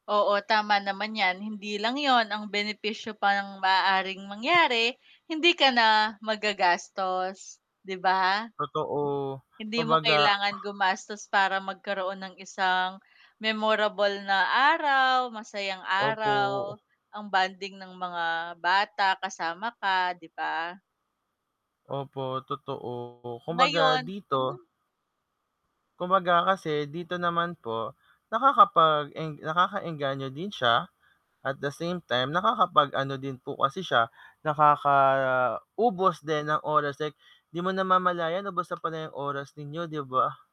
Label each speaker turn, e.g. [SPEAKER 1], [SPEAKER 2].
[SPEAKER 1] Oo, tama naman 'yan. Hindi lang yun, ang benepisyo pa ng maaaring mangyari hindi ka na maggagastos, di ba?
[SPEAKER 2] Totoo,
[SPEAKER 1] Hindi mo
[SPEAKER 2] kumbaga
[SPEAKER 1] kailangan gumastos para magkaroon ng isang memorable na araw, masayang
[SPEAKER 2] Opo.
[SPEAKER 1] araw ang bonding ng mga bata kasama ka, di ba?
[SPEAKER 2] Opo, totoo. Kumbaga
[SPEAKER 1] Ngayon
[SPEAKER 2] dito
[SPEAKER 1] mm.
[SPEAKER 2] kumbaga kasi dito naman po, nakakapag-eng nakaka-engganyo din siya at the same time nakakapag ano din po kasi siya, nakaka-ubos din ng oras, eh, di mo namamalayan ubos na pala iyong oras ninyo, di ba?